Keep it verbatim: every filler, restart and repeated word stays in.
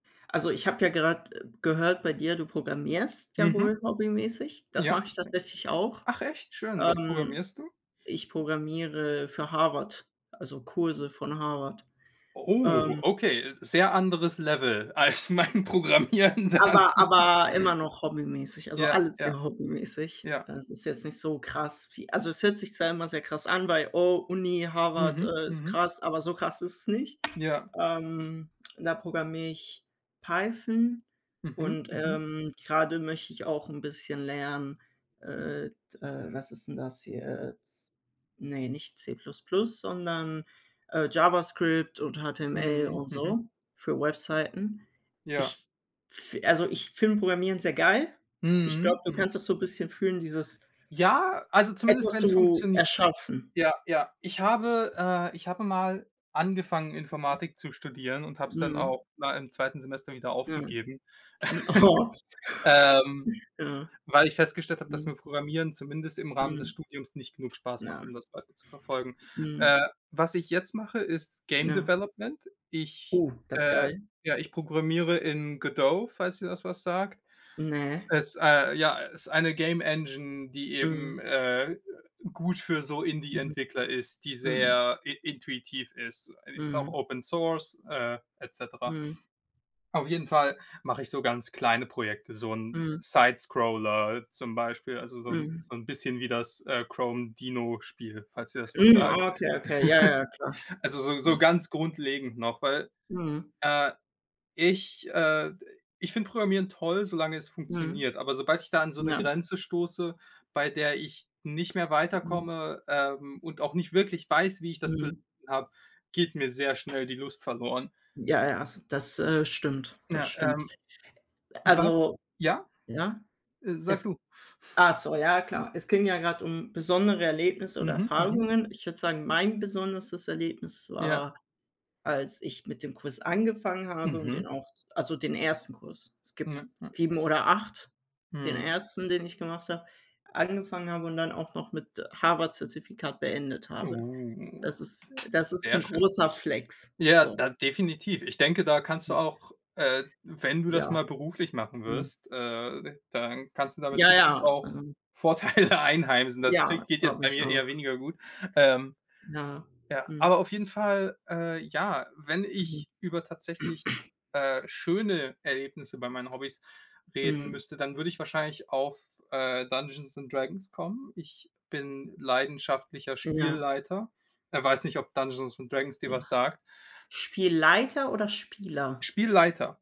Also ich habe ja gerade, äh, gehört bei dir, du programmierst ja Mhm. wohl hobbymäßig. Das Ja. mache ich tatsächlich auch. Ach, echt? Schön. Was Ähm, programmierst du? ich programmiere für Harvard, also Kurse von Harvard. Oh, Ähm okay, äh, sehr anderes Level als mein Programmieren dann. Aber, Ja, ja, ja. aber immer noch hobbymäßig, also Ja, alles ja, sehr hobbymäßig. ja. Es ist jetzt nicht so krass, wie also es hört sich zwar immer sehr krass an bei: Oh, Uni, Harvard, Mhm, äh, ist mhm. krass, aber so krass ist es nicht. Ja. Ähm, da programmiere ich Python Mhm, und, mhm. ähm, gerade möchte ich auch 'n bisschen lernen, äh, t was ist denn das hier jetzt? Ne, nicht C++ sondern, äh, JavaScript und HTML Mhm, und mhm. so, für Webseiten. Ja. Ich f also ich finde Programmieren sehr geil. Ich glaube, Mhm, du kannst mhm. das so 'n bisschen fühlen, dieses Ja, also zumindest etwas wenn es zu funktionier erschaffen. ja, ja. Ich habe, äh, ich habe mal angefangen, Informatik zu studieren und habe es dann Mhm. auch, na, im zweiten Semester wieder Nein. aufgegeben, M oho. ähm, Ja. weil ich festgestellt habe, dass Mhm. mir Programmieren zumindest im Rahmen des Mhm. Studiums nicht genug Spaß macht, Na. um das weiter zu verfolgen. Mhm. Äh, was ich jetzt mache, ist Game Ja. Development. Ich, Oh, das äh geil. ja, ich programmiere in Godot, falls dir das was sagt. Ne. Es, äh ja, ist eine Game Engine, die Mhm. eben, äh äh, gut für so Indie Mhm. Entwickler ist, die Mhm. sehr in intuitiv ist. Die ist auch Mhm. Open Source, äh, et cetera. Mhm. Auf jeden Fall mache ich so ganz kleine Projekte, so 'n Mhm. Sidescroller zum Beispiel, also so 'n Mhm. so 'n bisschen wie das, äh, Chrome Dino-Spiel, Äh falls dir das was äh, mhm. sagt. Okay, okay, ja, ja, klar, Also so, so klar. ganz grundlegend noch, weil, Mhm. äh, ich äh, ich finde Programmieren toll, solange es Mhm. funktioniert. Aber sobald ich da an so 'ne Ja. Grenze stoße, bei der ich nicht mehr Mhm. weiterkomme, ähm, und auch nicht wirklich weiß, wie ich das zu Mhm. [unintelligible] habe, geht mir sehr schnell die Lust verloren. Ja, ja, das, äh, stimmt. Das Ja, stimmt. ähm. Was? Also, Ja? ne? Äh, sag Es du. ach so, ja klar. Es ging ja gerade um besondere Erlebnisse oder Mhm, mhm. Erfahrungen. Ich würde sagen, mein besonderestes Erlebnis Ja. war, als ich mit dem Kurs angefangen habe und den Mhm. auch also den ersten Kurs. Es gibt Ja, ja. sieben oder acht, den Mhm. ersten, den ich gemacht habe angefangen habe und dann auch noch mit Harvard-Zertifikat beendet habe. Uh. Das ist das ist Sehr 'n schön. großer Flex, Ja, so. da definitiv. Ich denke, da kannst du Hm. auch, äh, wenn du das Ja. mal beruflich machen Mhm. wirst, äh, d dann kannst du damit Ja, bestimmt ja, auch ähm Vorteile einheimsen. Das kriegt Ja, geht jetzt glaube bei ich mir auch. eher weniger gut, ähm. Ja, Ja, mhm. aber auf jeden Fall, äh ja, wenn Mhm. ich über tatsächlich, äh, schöne Erlebnisse bei meinen Hobbys reden Mhm. müsste, dann würde ich wahrscheinlich auf, äh, Dungeons and Dragons kommen. Ich bin leidenschaftlicher Ja. Spielleiter äh, weiß nicht, ob Dungeons und Dragons dir Ja. was sagt. Spielleiter oder Spieler? Spielleiter.